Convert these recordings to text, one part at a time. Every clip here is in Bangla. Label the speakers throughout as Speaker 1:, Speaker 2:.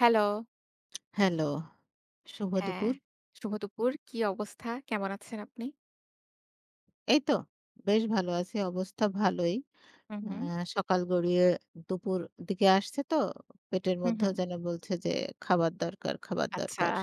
Speaker 1: হ্যালো।
Speaker 2: হ্যালো শুভ
Speaker 1: হ্যাঁ।
Speaker 2: দুপুর।
Speaker 1: শুভ দুপুর কি অবস্থা? কেমন আছেন আপনি?
Speaker 2: এই তো বেশ ভালো আছি। অবস্থা ভালোই।
Speaker 1: হুম, হুম।
Speaker 2: অ্যা সকাল গড়িয়ে দুপুর দিকে আসছে তো পেটের
Speaker 1: হুম,
Speaker 2: মধ্যেও
Speaker 1: হুম।
Speaker 2: যেন বলছে যে "খাবার দরকার, খাবার
Speaker 1: আচ্ছা।
Speaker 2: দরকার"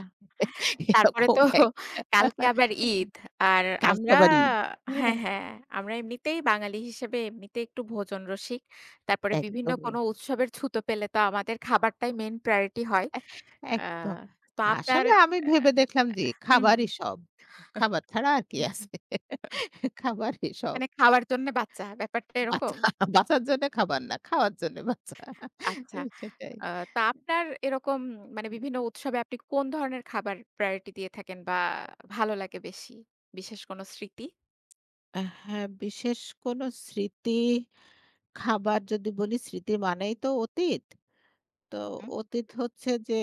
Speaker 1: তারপরে
Speaker 2: এরকম
Speaker 1: তো
Speaker 2: একটা
Speaker 1: কালকে আবার ঈদ। আর
Speaker 2: কালকে
Speaker 1: আমরা
Speaker 2: আবার ঈদ
Speaker 1: হ্যাঁ,
Speaker 2: হ্যাঁ।
Speaker 1: হ্যাঁ। আমরা এমনিতেই ,বাঙালি হিসেবে এমনিতেই একটু ভোজন রসিক। তারপরে বিভিন্ন
Speaker 2: একদমই।
Speaker 1: কোন উৎসবের ছুতো পেলে তো আমাদের খাবারটাই মেইন priority হয়।
Speaker 2: একস
Speaker 1: আ
Speaker 2: একদম।
Speaker 1: তো আপনার
Speaker 2: আসলে আমি
Speaker 1: অ্যা
Speaker 2: ভেবে দেখলাম যে
Speaker 1: হুম, হুম।
Speaker 2: "খাবারই সব"।
Speaker 1: হুম।
Speaker 2: খাবার ছাড়া আর কি আছে? খাবারই সব।
Speaker 1: মানে খাওয়ার জন্যে বাচ্চা। ব্যাপারটা
Speaker 2: বাঁচা
Speaker 1: এরকম?
Speaker 2: বাঁচার জন্য খাবার না খাওয়ার জন্য বাঁচা।
Speaker 1: আচ্ছা।
Speaker 2: সেটাই।
Speaker 1: আ তো আপনার এরকম মানে বিভিন্ন উৎসবে আপনি কোন ধরনের খাবার প্রায়োরিটি দিয়ে থাকেন বা, ভালো লাগে বেশি? বিশেষ কোন স্মৃতি?
Speaker 2: হ্যাঁ বিশেষ কোনো স্মৃতি খাবার যদি বলি স্মৃতি মানেই তো অতীত। তো
Speaker 1: হুম, হুম।
Speaker 2: অতীত হচ্ছে যে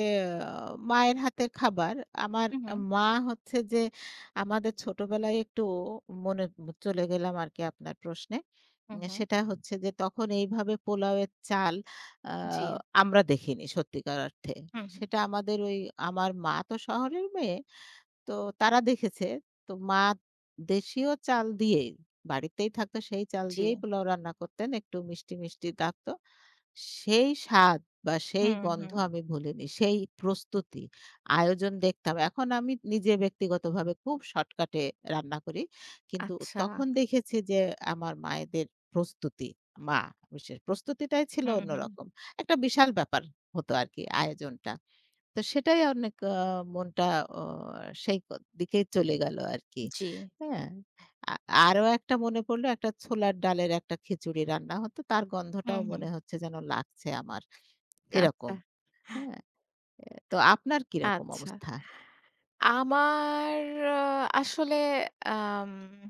Speaker 2: আ মায়ের হাতের খাবার। আমার
Speaker 1: হুম, হুম।
Speaker 2: মা হচ্ছে যে আমাদের ছোটবেলায় একটু মনে চলে গেলাম আরকি আপনার প্রশ্নে।
Speaker 1: হুম, হুম।
Speaker 2: সেটা হচ্ছে যে তখন এইভাবে পোলাওয়ের চাল আ
Speaker 1: জি।
Speaker 2: আমরা দেখিনি সত্যিকার অর্থে।
Speaker 1: হুম, হুম।
Speaker 2: সেটা আমাদের ওই আমার মা তো শহরের মেয়ে। তো তারা দেখেছে। তো মা দেশীয় চাল দিয়েই বাড়িতেই থাকতো সেই চাল দিয়েই
Speaker 1: জি।
Speaker 2: পোলাও রান্না করতেন। একটু মিষ্টি, মিষ্টি থাকতো। সেই স্বাদ বা, সেই
Speaker 1: হুম,
Speaker 2: গন্ধ
Speaker 1: হুম।
Speaker 2: আমি ভুলিনি। সেই প্রস্তুতি। আয়োজন দেখতাম। এখন আমি নিজে ব্যক্তিগতভাবে খুব শর্টকাটে রান্না করি। কিন্তু
Speaker 1: আচ্ছা।
Speaker 2: তখন দেখেছি যে আমার মায়েদের প্রস্তুতি মা বিশেষ প্রস্তুতিটাই ছিল
Speaker 1: হুম, হুম।
Speaker 2: অন্যরকম। একটা বিশাল ব্যাপার হতো আরকি আয়োজনটা। তো সেটাই অনেক আ মনটা আ সেইদিকেই চলে গেল আরকি।
Speaker 1: জি।
Speaker 2: হ্যাঁ। আ আরও একটা মনে পড়ল "একটা ছোলার ডালের একটা খিচুড়ি রান্না হত। তার
Speaker 1: হুম,
Speaker 2: গন্ধটাও
Speaker 1: হুম।
Speaker 2: মনে হচ্ছে যেন লাগছে আমার।" এরকম
Speaker 1: আচ্ছা।
Speaker 2: হ্যাঁ আ তো আপনার কিরকম
Speaker 1: আচ্ছা।
Speaker 2: অবস্থা?
Speaker 1: আমার আসলে আম।